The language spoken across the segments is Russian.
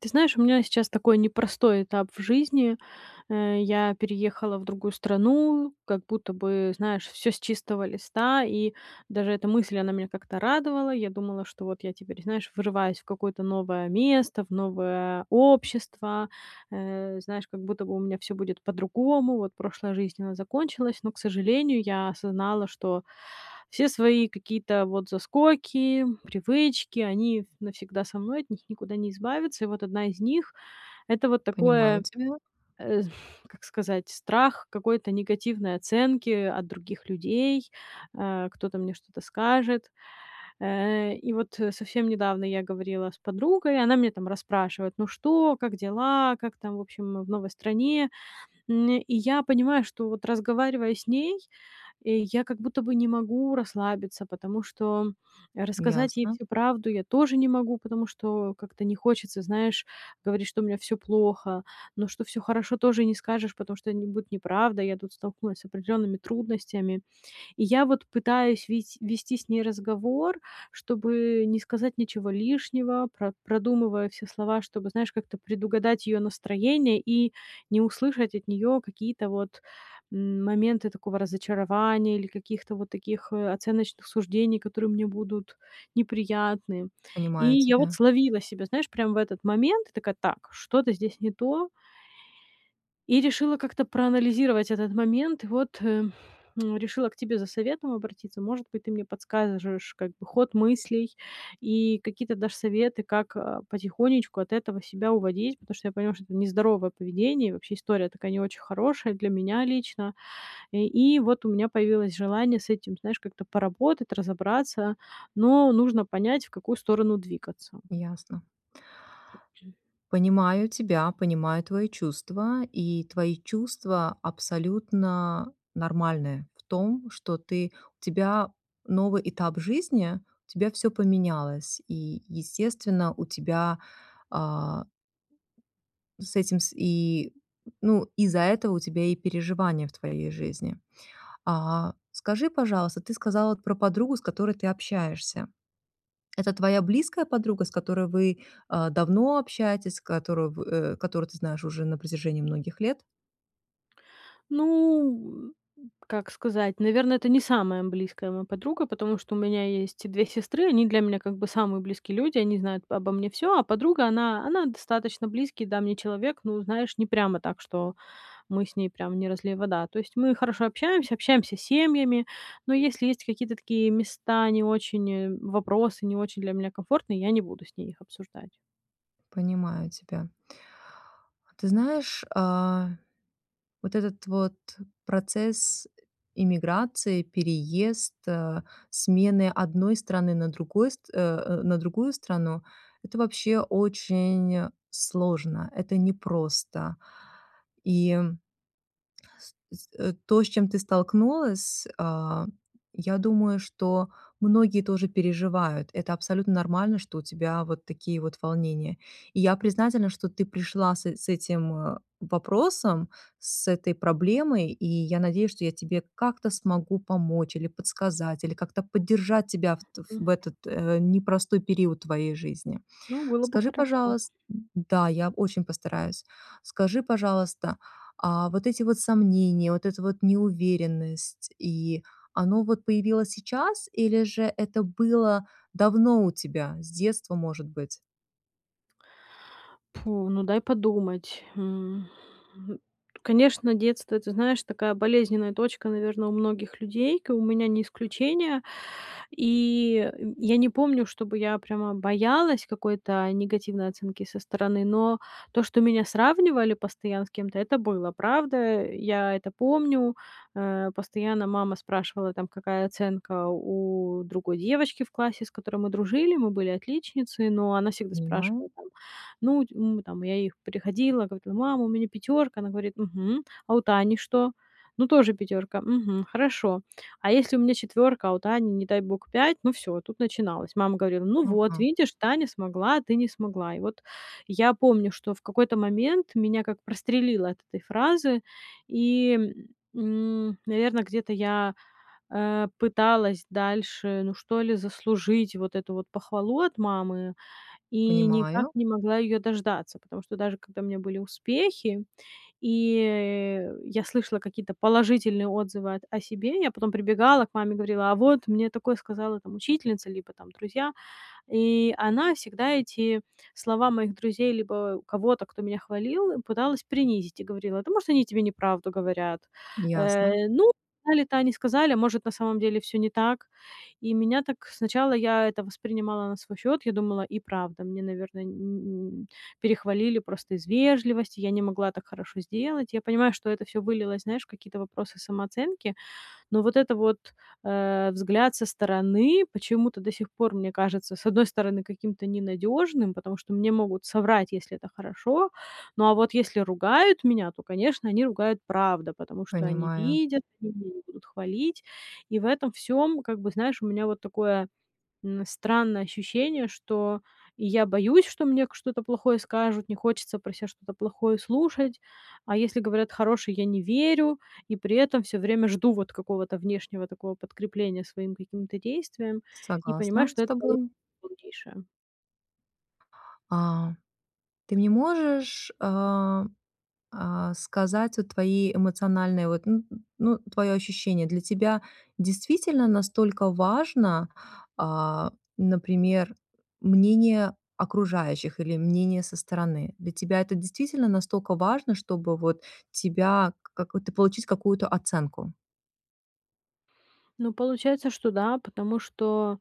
Ты знаешь, у меня сейчас такой непростой этап в жизни. Э, я переехала в другую страну, как будто бы, знаешь, всё с чистого листа, и даже эта мысль, она меня как-то радовала. Я думала, что вот я теперь, знаешь, врываюсь в какое-то новое место, в новое общество. Э, знаешь, как будто бы у меня всё будет по-другому, вот прошлая жизнь, она закончилась, но, к сожалению, я осознала, что все свои какие-то вот заскоки, привычки- они навсегда со мной, от них никуда не избавиться. И вот 1 из них- это вот такое, Понимаю тебя. э, как сказать- страх какой-то негативной оценки от других людей. А, кто-то мне что-то скажет. Э, и вот, э, совсем недавно я говорила с подругой, она меня там расспрашивает: "Ну что, как дела, как там в общем в новой стране?" М, и я понимаю, что вот разговаривая с ней, э, я как будто бы не могу расслабиться, потому что рассказать ей Ясно. всю правду я тоже не могу, потому что как-то не хочется, знаешь, говорить, что у меня всё плохо. Но, что всё хорошо, тоже не скажешь, потому что, это н будет неправда. Я тут столкнулась с определенными трудностями. И я вот пытаюсь видь вести с ней разговор, чтобы не сказать ничего лишнего, про продумываю все слова, чтобы, знаешь, как-то предугадать ее настроение и не услышать от неё какие-то вот, м, моменты такого разочарования или каких-то вот таких, э, оценочных суждений, которые мне будут неприятны. И Понимаю я вот тебя. словила себя, знаешь, прям в этот момент. Такая: "Так, что-то здесь не то". И решила как-то проанализировать этот момент. Вот, э, м, решила к тебе за советом обратиться. Может быть, ты мне подскажешь как бы ход мыслей и какие-то дашь советы, как, а, потихонечку от этого себя уводить, потому что я поняла, что это нездоровое поведение, и вообще история такая, не очень хорошая для меня лично. Э, и вот у меня появилось желание с этим, знаешь, как-то поработать, разобраться, но нужно понять, в какую сторону двигаться. Ясно. Понимаю тебя, понимаю твои чувства, и твои чувства абсолютно нормальные в том, что ты у тебя новый этап жизни, у тебя всё поменялось, и, естественно, у тебя, а С этим с и Ну, из-за этого у тебя и переживания в твоей жизни. А скажи, пожалуйста, ты сказала про подругу, с которой ты общаешься. Это твоя близкая подруга, с которой вы, а, давно общаетесь, с которую, в э, которую ты знаешь уже на протяжении многих лет? Ну, м, как сказать, наверно, это не самая близкая моя подруга, потому что у меня есть и 2 сестры, они для меня, как бы, самые близкие люди, они знают обо мне всё, а подруга- она она достаточно близкий, да, мне человек, ну, знаешь, не прямо так, что мы с ней прям не разлей вода. То есть мы хорошо общаемся, общаемся семьями, но если есть какие-то такие места не очень, э вопросы, не очень для меня комфортные, я не буду с ней их обсуждать. Понимаю тебя. Ты знаешь, а, вот этот вот процесс эмиграции, переезд, э, смены одной страны на другой стр э, э, на другую страну- это вообще очень сложно, это непросто. И с, э, то, с чем ты столкнулась, а, я думаю, что многие тоже переживают. Это абсолютно нормально, что у тебя вот такие вот волнения. И я признательна, что ты пришла с с этим, э, вопросом, с этой проблемой, и я надеюсь, что я тебе как-то смогу помочь или подсказать, или как-то поддержать тебя в М-м. в этот, э, непростой период твоей жизни. Ну, было бы Скажи, хорошо. пожалуйс Да, я очень постараюсь. Скажи, пожалуйста, а вот эти вот сомнения, вот эта вот неуверенность, и оно вот появилось сейчас, или же это было давно у тебя, с детства, может быть? Пу ну дай подумать. М, м, конечно, детство это, знаешь, такая болезненная точка, наверно, у многих людей, как бы, и у меня не исключение. И, э, я не помню, чтобы я прямо боялась какой-то негативной оценки со стороны, но то, что меня сравнивали постоянно с кем-то- это было, правда. Я это помню. Э, постоянно мама спрашивала, там, какая оценка у другой девочки в классе, с которой мы дружили. Мы были отличницы, но она всегда Понимаю. спрашивала, там, ну, м, там я ей, приходила, говорила: "Мама, у меня пятёрка!" Она говорит: "Мгм, а у Тани что?" "Ну, тоже пятёрка". "Мгм, хорошо". А если у меня четвёрка, а у Тани, не дай бог, пять- ну всё, тут начиналось. Мама говорила: "Ну, вот, Ага. видишь, Таня смогла, а ты не смогла" И вот я помню, что в какой-то момент меня как прострелило от этой фразы. И, м, наверно, где-то я, э, пыталась дальше, ну, что ли, заслужить вот эту вот похвалу от мамы, и никак Понимаю. не могла ее дождаться. Потому что даже когда у меня были успехи и, э, я слышала какие-то положительные отзывы о о себе, я потом прибегала к маме, говорила: "А вот мне такое сказала, там, учительница, либо, там, друзья". И она всегда эти слова моих друзей либо кого-то, кто меня хвалил, пыталась принизить, и говорила: "Да может они тебе неправду говорят. Ясно. Э, ну, сказали-то они сказали, а может на самом деле всё не так". И меня так сначала я это воспринимала на свой счёт. Я думала: и правда, мне, наверное, не н н перехвалили просто из вежливости. Я не могла так хорошо сделать. Я понимаю, что это всё вылилось, знаешь, в какие-то вопросы самооценки, но вот это вот, э, взгляд со стороны, почему-то, до сих пор мне кажется, с одной стороны, каким-то ненадежным, потому что мне могут соврать, если это хорошо. Ну, а вот если ругают меня, то, конечно, они ругают, правда, потому что они Понимаю. видят, они меня не будут хвалить. И в этом всём, как бы, знаешь, у меня вот такое, м, странное ощущение, что я боюсь, что мне к что-то плохое скажут, не хочется про ся что-то плохое слушать. А если говорят хорошее- я не верю, и при этом всё время жду, вот, какого-то внешнего такого подкрепления своим каким-то действиям, и понимаю, Согласна что с это [unintelligible] тобой. полнейшая. А, ты мне можешь, э, э, сказать вот твои эмоциональные, вот, н н ну, твоё ощущение. Для тебя действительно настолько важно, а, например, мнение окружающих или мнение со стороны? Для тебя это действительно настолько важно, чтобы вот тебя, как вот ты получить какую-то оценку? Ну, получается, что да, потому что,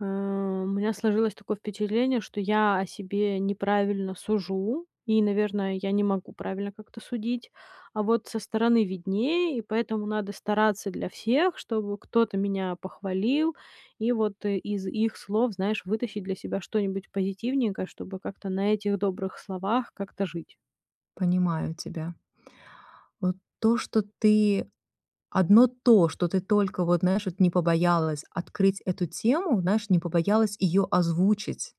э, у меня сложилось такое впечатление, что я о себе неправильно сужу и, наверно, я не могу правильно как-то судить. А вот со стороны виднее, и поэтому надо стараться для всех, чтобы кто-то меня похвалил, и вот из их слов, знаешь, вытащить для себя что-нибудь позитивненькое, чтобы как-то на этих добрых словах как-то жить. Понимаю тебя. Вот то, что ты одно то, что ты только, вот, знаешь, вот, не побоялась открыть эту тему, знаешь, не побоялась её озвучить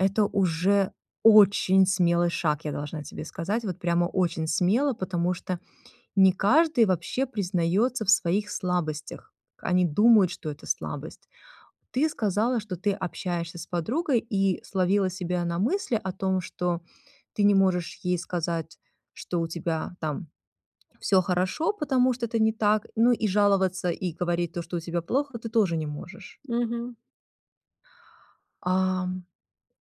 это уже очень смелый шаг, я должна тебе сказать, вот прямо очень смело, потому что не каждый вообще признается в своих слабостях. Они думают, что это слабость. Ты сказала, что ты общаешься с подругой и словила себя на мысли о том, что ты не можешь ей сказать, что у тебя там всё хорошо, потому что это не так, ну, и жаловаться и говорить то, что у тебя плохо, ты тоже не можешь. Мгм. Ам,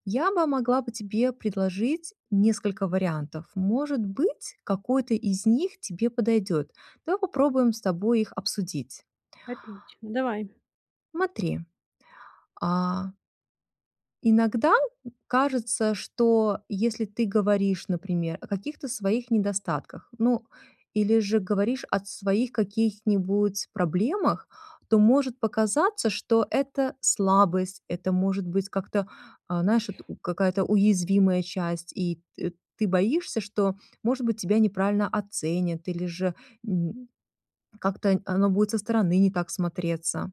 я бы могла бы тебе предложить несколько вариантов. Может быть, какой-то из них тебе подойдет. Давай попробуем с тобой их обсудить. Отлично, давай. Смотри, а иногда кажется, что если ты говоришь, например, о каких-то своих недостатках, ну, или же говоришь о своих каких-нибудь проблемах, то может показаться, что это слабость, это может быть как-то, а, знаешь, у какая-то уязвимая часть, и т ты боишься, что, может быть, тебя неправильно оценят или же как-то н оно будет со стороны не так смотреться.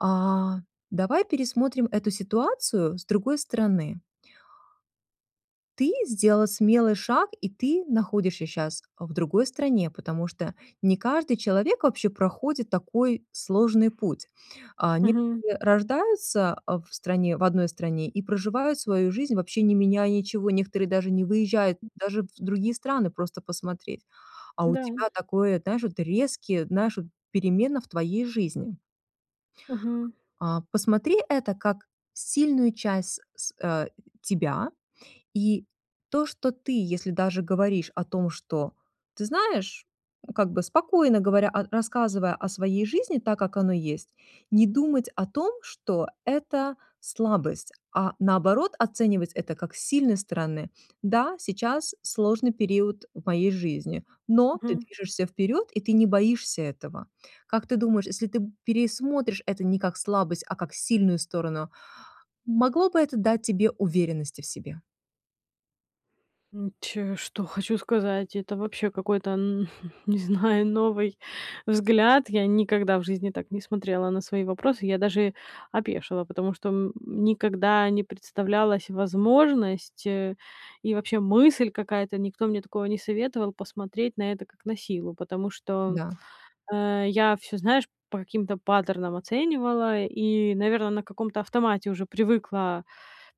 А, давай пересмотрим эту ситуацию с другой стороны. Ты сделала смелый шаг, и ты находишься щас в другой стране, потому что не каждый человек вообще проходит такой сложный путь. А, Мгм. некоторые рождаются, э, в стране в одной стране и проживают свою жизнь, вообще не меняя ничего. Некоторые даже не выезжают даже в другие страны просто посмотреть. А у Да. тебя такое, знаешь, вот резкие, знаешь, вот перемены в твоей жизни. Мгм. А, посмотри это как сильную часть с с э, тебя. И то, что ты, если даже говоришь о том, что ты знаешь, как бы спокойно говоря рассказывая о своей жизни так, как оно есть, не думать о том, что это слабость, а наоборот оценивать это как с сильной стороны. Да, сейчас сложный период в моей жизни, но ты Мгм. движешься вперед, и ты не боишься этого. Как ты думаешь, если ты п пересмотришь это не как слабость, а как сильную сторону, могло бы это дать тебе уверенности в себе? М, ч что хочу сказать, это вообще какой-то, н не знаю, новый взгляд. Я никогда в жизни так не смотрела на свои вопросы. Я даже опешила, потому что, м, никогда не представлялась возможность, э, и вообще мысль какая-то, никто мне такого не советовал- посмотреть на это как на силу, потому что, Да. э, я всё, знаешь, по каким-то паттернам оценивала и, наверно, на каком-то автомате уже привыкла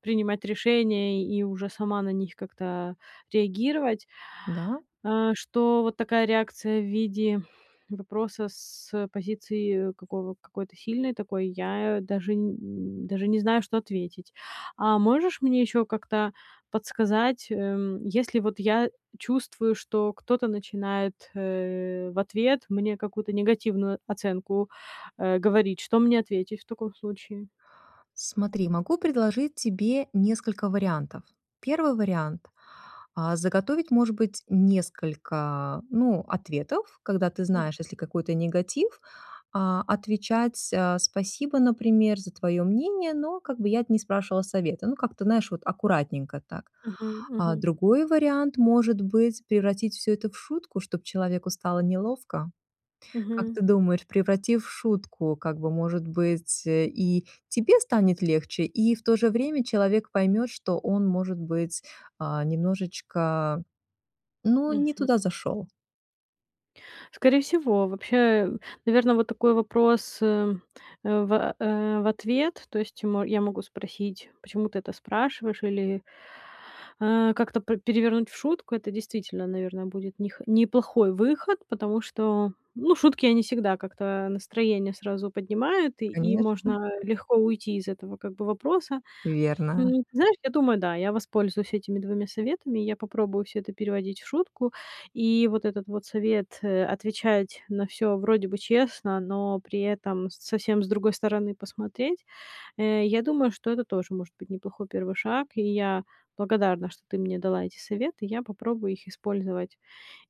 принимать решения и уже сама на них как-то реагировать, Да. э, что вот такая реакция в виде вопроса с, э, позиции какого какой-то сильной такой я даже м, даже не знаю, что ответить. А можешь мне ещё как-то подсказать, эм, если вот я чувствую, что кто-то начинает, э, в ответ мне какую-то негативную оценку, э, говорить, что мне ответить в таком случае? Смотри, могу предложить тебе несколько вариантов. 1 вариант: а, заготовить, может быть, несколько, ну, ответов, когда ты Мгм. знаешь, если какой-то негатив, а, отвечать, а: "Спасибо", например: "За твоё мнение, но как бы я не спрашивала совета". Ну, как-то, знаешь, вот аккуратненько так. Мгм, А мгм. другой вариант может быть- превратить всё это в шутку, чтоб человеку стало неловко. Как Мгм. ты думаешь, превратив в шутку, как бы, может быть, э, и тебе станет легче, и в то же время человек поймет, что он, может быть, а, немножечко, ну, не Мгм. туда зашёл. Скорее всего. Вообще, наверно, вот такой вопрос, э э, в, э в ответ. То есть я м я могу спросить, почему ты это спрашиваешь, или, э, как-то пре перевернуть в шутку. Это действительно, наверное, будет нех неплохой выход, потому что, ну, шутки, они всегда как-то настроение сразу поднимают, и и Конечно. можно легко уйти из этого, как бы, вопроса. Верно. М, знаешь, я думаю, да, я воспользуюсь этими 2 советами. Я попробую всё это переводить в шутку. И вот этот вот совет, э, отвечать на всё, вроде бы, честно, но при этом совсем с другой стороны посмотреть. Э, я думаю, что это тоже может быть неплохой первый шаг, и я благодарна, что ты мне дала эти советы. Я попробую их использовать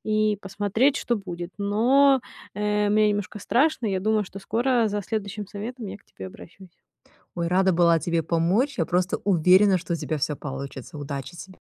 и посмотреть, что будет. Но, э, мне немножко страшно. Я думаю, что скоро за следующим советом я к тебе обращусь. Ой, рада была тебе помочь. Я просто уверена, что у тебя всё получится. Удачи тебе.